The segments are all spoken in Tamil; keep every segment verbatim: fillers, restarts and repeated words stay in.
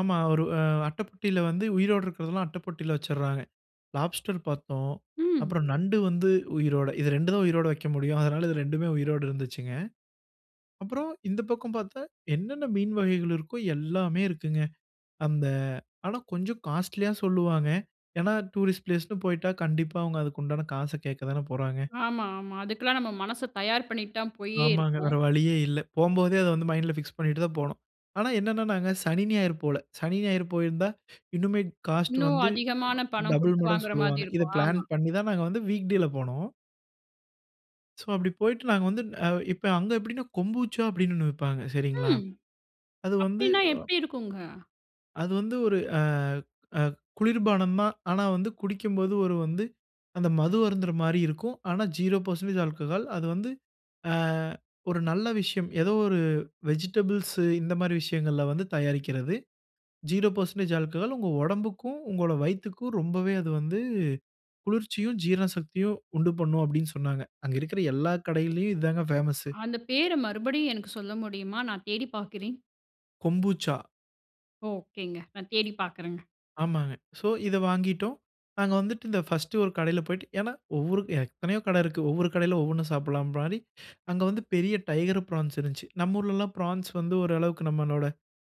ஆமா. ஒரு அட்ட பொட்டியில வந்து உயிரோட இருக்கிறதெல்லாம் அட்ட பொட்டியில வச்சுட்ராக. லாப்ஸ்டர் பார்த்தோம். ம். அப்புறம் நண்டு வந்து உயிரோட இது ரெண்டு தான் உயிரோட வக்க முடியும். அதனால இது ரெண்டுமே உயிரோட இருந்துச்சுங்க. அப்புறம் இந்த பக்கம் பார்த்தா, என்னென்ன மீன் வகைகள் இருக்கோ எல்லாமே இருக்குங்க. அந்த ஆனா, கொஞ்சம் காஸ்ட்லியா சொல்லுவாங்க. ஏனா டூரிஸ்ட் பிளேஸ்னு போய்ட்டா கண்டிப்பா அவங்க அதுக்குண்டான காச கேட்க தானே போறாங்க. ஆமா, ஆமா. அதுக்கெல்லாம் நம்ம மனச தயார் பண்ணிட்டு தான் போயே ஆமாங்க இருப்போம். வேற வழியே இல்ல. போம்போதே அத வந்து மைண்ட்ல பிக்ஸ் பண்ணிட்டு தான் போணும். ஆனா, என்னன்னனாங்க சனி, ஞாயிறு போகல. சனி, ஞாயிறு போயிருந்தா இன்னுமே காஸ்ட் இன்னும் வந்து அதிகமான பணம் டபிள் குடுத்து மடங்கு வாங்குற மாதிரி சொல்லுவாங்க. இத இருக்கும் பிளான் ஆமா. பண்ணி தான் நாங்க வந்து, வீக்டேல போனோம். சோ அப்படி போய்ட்டு நாங்க வந்து இப்போ அங்க எப்டினா கொம்புச்சா அப்டின்னு ஒண்ணு விப்பாங்க சரிங்களா. ம். அது வந்து அப்டின்னா அ எப்டி இருக்குங்க? அது வந்து ஒரு ஆ அ குளிர்பானம் தான். ஆனா, வந்து குடிக்கும்போது ஒரு வந்து அந்த மது அருந்துற மாரி இருக்கும். ஆனா ஜீரோ பெர்சென்டேஜ் ஆல்கஹால் அது வந்து அ ஒரு நல்ல விஷயம். ஏதோ ஒரு வெஜிடபிள்ஸ் இந்த மாரி விஷயங்கள்ல வந்து தயாரிக்கிறது. ஜீரோ பெர்சென்டேஜ் ஆல்கஹால் "உங்க ஒடம்புக்கும், உங்களோட வயித்துக்கும் ரொம்பவே அது வந்து குளிர்ச்சியும், ஜீரண சக்தியும் உண்டு பண்ணும்" அப்படின்னு சொன்னாங்க. அங்க இருக்கிற எல்லா கடைகளிலும் இதாங்க பேமஸ். அந்த பேர மறுபடியும் எனக்கு சொல்ல முடியுமா? நான் தேடிப் பார்க்கிறேன். கொம்பூச்சா. ஓகேங்க. நான் தேடி பார்க்குறேங்க. ஆமாங்க. சோ இத வாங்கிட்டோம். நாங்க வந்துட்டு இந்த பர்ஸ்ட் ஒரு கடையில போய்ட்டு ஏனா, ஒவ்வொரு எத்தனையோ கடை இருக்கு. ஒவ்வொரு கடையில ஒவ்வொன்னு சாப்பிடலாபிலானி அங்க வந்து பெரிய டைகர் ப்ரான்ஸ் இருந்துச்சி. நம்ப ஊர்லல்லாம் ப்ரான்ஸ் வந்து ஒரு அளவுக்கு நம்மளோட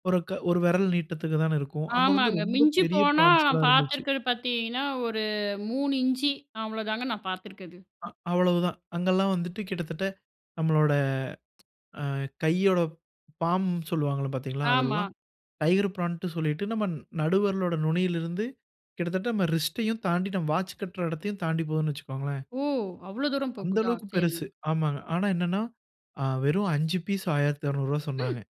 ஒரு, ஒரு விரல் நீட்டதிக்கு தானே இருக்கும். அங்க வந்து ஆமாங்க. ரொம்ப மிஞ்சி பெரிய போனா ப்ரான்ஸ்லா நான் இருந்துச்சு. பார்த்துருக்கிறது பார்த்தீங்கன்னா, ஒரு மூணு இஞ்சி அவ்வளோதாங்க நான் பார்த்துருக்கது. அ அவ்வளவு தான். அங்கல்லாம் வந்துட்டு கிட்டத்தட்ட நம்மளோட அ கையோட பாம்னு சொல்லுவாங்க பார்த்தீங்களா? ஆமா. அதெல்லாம் டைகர் பிராண்ட்னு சொல்லிட்டு நம்ம நடுவிரலின் நுனியில இருந்து கிட்டத்தட்ட ரிஸ்ட்யையும் தாண்டி வாட்ச் கட்டுற இடத்தையும் தாண்டி போகுத்துன்னு வச்சுக்கோங்களேன். ஓ! அவ்வளோ தூரம் போகுதா அந்தளவுக்கு சரிங்க. பெருசு. ஆமா. ஆனா என்னென்னா வெறும் அஞ்சி பீஸ் ஆயிரத்து இருநூறு ரூபா ம். சொன்னாங்க.